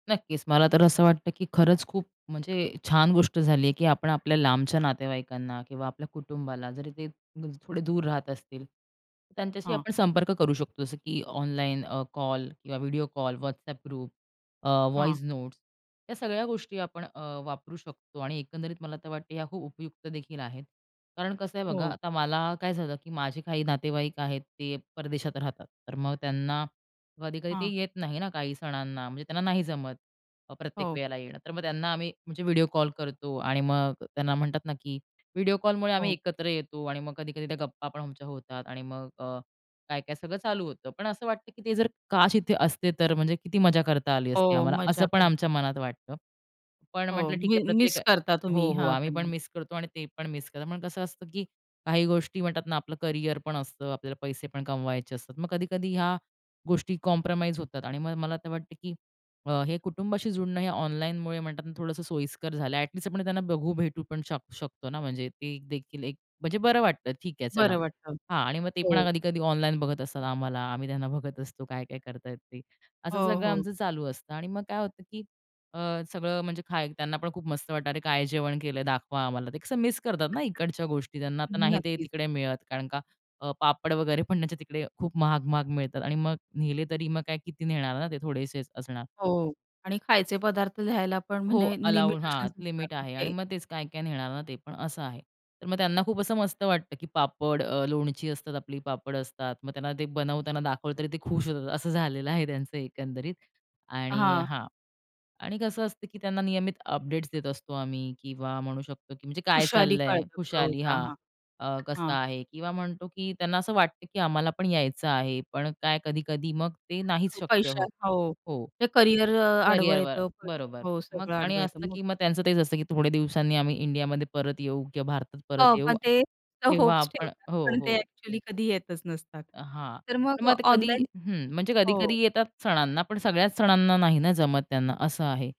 नक्कीच. मला तर असं वाटतं की खरंच खूप म्हणजे छान गोष्ट झाली आहे, की आपण आपल्या लांबच्या नातेवाईकांना किंवा आपल्या कुटुंबाला जरी ते म्हणजे थोडे दूर राहत असतील, तर त्यांच्याशी हां. आपण संपर्क करू शकतो. जसं की ऑनलाईन अ, कॉल किंवा व्हिडिओ कॉल, WhatsApp ग्रुप, अ, हां. Voice notes. या सगळ्या गोष्टी आपण अ, वापरू शकतो आणि एकंदरीत मला तर वाटते या खूप उपयुक्त देखील आहेत. कारण कसं आहे? बघा हो. आता मला काय झालं की माझे काही नातेवाईक आहेत ते परदेशात राहतात. तर मग त्यांना कधी-कधी ते हां. येत नाही ना, काही सणांना, म्हणजे त्यांना नाही जमत. अ, प्रत्येक हो. वेळेला येणं. तर मग त्यांना आम्ही म्हणजे व्हिडिओ कॉल करतो आणि मग त्यांना म्हणतात ना की व्हिडिओ कॉलमुळे आम्ही हो. एकत्र येतो आणि मग कधी-कधी त्या गप्पा पण आमच्या होतात आणि मग अ, काय-काय सगळं चालू होतं. पण असं वाटतं की ते जर काश इथे असते तर म्हणजे किती मजा करता आली असती हो आम्हाला? असं मजा पण करतात. आमच्या मनात वाटतं. पण हो म्हटलं ठीक मी आहे प्रत्येक मिस करता तुम्ही. हो, हो. हां आम्ही पण त्यांना. मिस करतो आणि ते पण मिस करतात. पण कसं असतं की काही गोष्टी म्हणतात ना आपलं करिअर पण असतं, आपल्याला पैसे पण कमवायचे असतात. मग कधी कधी ह्या गोष्टी कॉम्प्रोमाईज होतात आणि मग मला तर वाटतं की अ हे कुटुंबाशी जुडणं, हे ऑनलाईनमुळे म्हणतात ना थोडंसं सोयीस्कर झालं. ॲटलीस्ट आपण त्यांना बघू, भेटू पण शक शकतो ना म्हणजे ते देखील एक म्हणजे बरं वाटतं ठीक आहे चला. बरं वाटतं. हां आणि मग ते पण हो. कधी-कधी ऑनलाईन बघत असतात आम्हाला. आम्ही त्यांना बघत असतो काय-काय करत आहेत ते? असं हो, सगळं हो. आमचं चालू असतं आणि मग काय होतं की अ, सगळं म्हणजे खाय त्यांना पण खूप मस्त वाटतं. "अरे काय जेवण केलं आहे दाखवा आम्हाला" ते कसं मिस करतात ना इकडच्या गोष्टी, त्यांना आता नाही ते नक्कीच. तिकडे मिळत कारण का अ, पापड वगैरे पण त्यांच्या तिकडे खूप महाग-महाग मिळतात आणि मग नेले तरी मग काय किती नेणार ना? ते थोडेसेच असणार. हो आणि खायचे पदार्थ न्यायला पण हो म्हणे अलाऊ हां लिमिटेशन्स असतात लिमिट आहे आणि तिथे. मग तेच काय-काय नेणार ना ते पण असं आहे. तर मग त्यांना खूप असं मस्त वाटतं की पापड, अ, लोणची असतात, आपली पापड असतात. मग त्यांना ते बनवताना दाखवलं तरी ते खुश होतात. असं झालेलं आहे त्यांचं एकंदरीत आणि हां. हां. आणि कसं असतं की त्यांना नियमित अपडेट्स देत असतो आम्ही किंवा म्हणू शकतो की म्हणजे काय खुशाली चाललं आहे? कळतं सगळं खुशाली होता हां. हां. अ, कसं हां. आहे किंवा म्हणतो की त्यांना असं वाटतं की आम्हाला पण यायचं आहे पण काय कधी-कधी मग ते नाहीच शक्य पैसा होत. हो. हो, ते करिअर अ, आडवं करिअरवर येतं पण बरोबर. हो मग सगळं आणि आडवं येतं असतं मग. की मग त्यांचं तेच असतं की थोड्या दिवसांनी आम्ही इंडियामध्ये परत येऊ किंवा भारतात हो परत येऊ पण ते अ, तेव्हा होप्स आपण ठेवतात. हो, पण ते हो. एक्चुअली कधी येतच नसतात. अ, हां. तर तर मग मग ते कधी, ऑनलाईन, हं म्हणजे कधी-कधी हो. येतात सणांना पण सगळ्याच सणांना नाही ना जमत त्यांना. असं आहे.